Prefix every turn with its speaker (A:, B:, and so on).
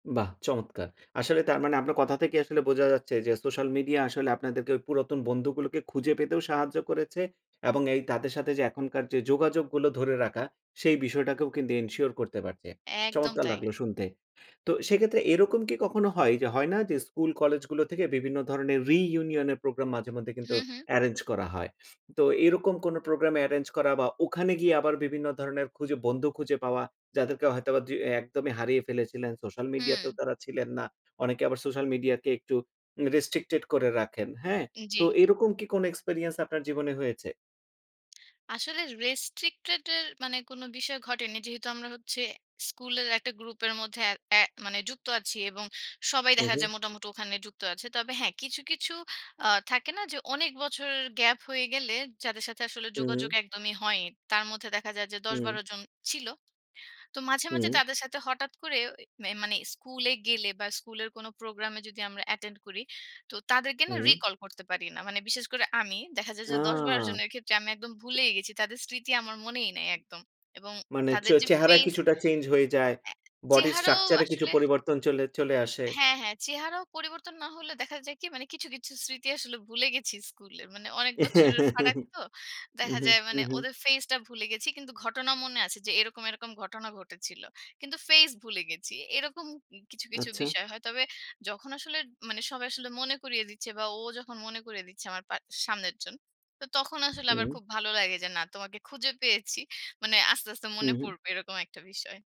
A: বাহ! চমৎকার। আসলে তার মানে আপনার কথা থেকে আসলে বোঝা যাচ্ছে যে সোশ্যাল মিডিয়া আসলে আপনাদেরকে ওই পুরাতন বন্ধুগুলোকে খুঁজে পেতেও সাহায্য করেছে এবং এই তাদের সাথে যে এখনকার যে যোগাযোগগুলো ধরে রাখা সেই বিষয়টাকেও কিন্তু এনশিওর করতে পারছে।
B: একদম
A: চমৎকার
B: তাই।
A: লাগলো শুনতে। তো সেক্ষেত্রে এরকম কি কখনো হয় যে হয় না যে স্কুল, কলেজগুলো থেকে বিভিন্ন ধরনের রিইউনিয়ন এর প্রোগ্রাম মাঝে মধ্যে
B: হু,
A: কিন্তু
B: হু।
A: এরেঞ্জ করা হয়। তো এইরকম কোনো প্রোগ্রাম এরেঞ্জ করা বা ওখানে গিয়ে আবার বিভিন্ন ধরনের খুঁজে, বন্ধু খুঁজে পাওয়া যাদেরকে হয়তোবা দ্রি একদমই হারিয়ে ফেলেছিলেন, সোশ্যাল
B: হুম।
A: মিডিয়াতেও তারা ছিলেন না। অনেকে আবার সোশ্যাল মিডিয়াকে একটু উ রেস্ট্রিকটেড করে রাখেন, হ্যাঁ? তো
B: জ্বী।
A: এইরকম কি কোনো এক্সপেরিয়েন্স আপনার জীবনে হয়েছে?
B: আসলে রেস্ট্রিকটেডের মানে কোনো বিষয় ঘটেনি। যেহেতু আমরা হচ্ছে স্কুলের একটা গ্রুপের মধ্যে এ এ মানে যুক্ত আছি এবং সবাই
A: হু,
B: দেখা
A: হু।
B: যায় মোটামুটি ওখানে যুক্ত আছে। তবে হ্যাঁ, কিছু, কিছু আ থাকে না যে অনেক বছরের গ্যাপ হয়ে গেলে যাদের সাথে আসলে যোগাযোগ
A: হুম।
B: একদমই হয়ই। তার মধ্যে দেখা যায় যে দশ থেকে
A: হুম।
B: বারো জন ছিল। তো মাঝে, মাঝে
A: হুম।
B: তাদের সাথে হঠাৎ করে মে মানে স্কুলে গেলে বা স্কুলের কোনো প্রোগ্রামে যদি আমরা অ্যাটেন্ড করি। তো তাদেরকে না
A: হুম।
B: রিকল করতে পারি না। মানে বিশেষ করে আমি। দেখা যায়
A: আ
B: যে ১০-১২ জনের ক্ষেত্রে আমি একদম ভুলেই গেছি। তাদের স্মৃতি আমার মনেই নাই একদম। এবং
A: মানে চ
B: তাদের যে
A: চেহারা
B: ফেস,
A: কিছুটা চেঞ্জ হয়ে যায়।
B: অ্যা অ্যা
A: বডি
B: চেহারাও
A: স্ট্রাকচারে কিছু
B: আসলে
A: পরিবর্তন চলে চলে আসে।
B: হ্যাঁ, হ্যাঁ। চেহারাও পরিবর্তন না হলে দেখা যায় কি মানে কিছু, কিছু স্মৃতি আসলে ভুলে গেছি স্কুলের। মানে অনেক বছরের ফারাক তো। দেখা
A: উহু।
B: যায় মানে
A: উহু।
B: ওদের ফেইসটা ভুলে গেছি। কিন্তু ঘটনা মনে আছে যে এরকম, এরকম ঘটনা ঘটেছিল। কিন্তু ফেইস ভুলে গেছি। এরকম ই কিছু, কিছু
A: আচ্ছা।
B: বিষয় হয়। তবে যখন আসলে মানে সবাই আসলে মনে করিয়ে দিচ্ছে বা ও যখন মনে করিয়ে দিচ্ছে আমার পা সামনের জন। তো তখন আসলে আমার
A: হুম।
B: খুব ভালো লাগে যে না তোমাকে খুঁজে পেয়েছি। মানে আস্তে, আস্তে মনে
A: হুম, হু।
B: পড়বে এরকম একটা বিষয়।